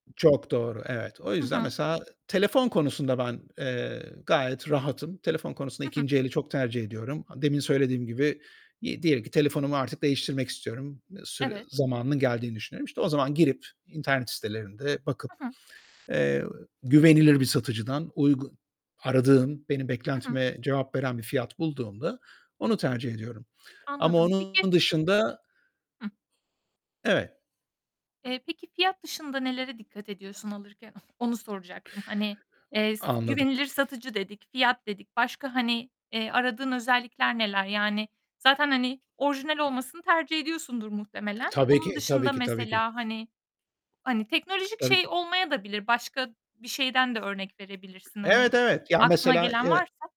Çok doğru, evet. O Hı yüzden hı. mesela telefon konusunda ben, eee, gayet rahatım. Telefon konusunda Hı hı. 2. eli çok tercih ediyorum. A demin söylediğim gibi, iii, diyelim ki telefonumu artık değiştirmek istiyorum. Sü Evet. zamanının geldiğini düşünüyorum. İşte, o zaman girip internet sitelerinde bakıp, Hı hı. eee, güvenilir bir satıcıdan uygu aradığım, benim Hı hı. beklentime cevap veren bir fiyat bulduğumda onu tercih ediyorum ama Anladım. Peki onun dışında Hıh. Evet. Eee, peki, fiyat dışında nelere dikkat ediyorsun alırken? Onu soracaktım. Hani, O eee, s anladım. güvenilir satıcı dedik, fiyat dedik. Başka, hani, eee, aradığın özellikler neler? Yani, zaten, hani, orijinal olmasını tercih ediyorsundur muhtemelen. Tabii Onun ki, tabii dışında ki, tabii ki. mesela, hani, hani, teknolojik Tabii şey ki. olmayadabilir. Başka bir şeyden de örnek verebilirsin hani, Evet, evet. Ya, aklına mesela, gelen eee varsa...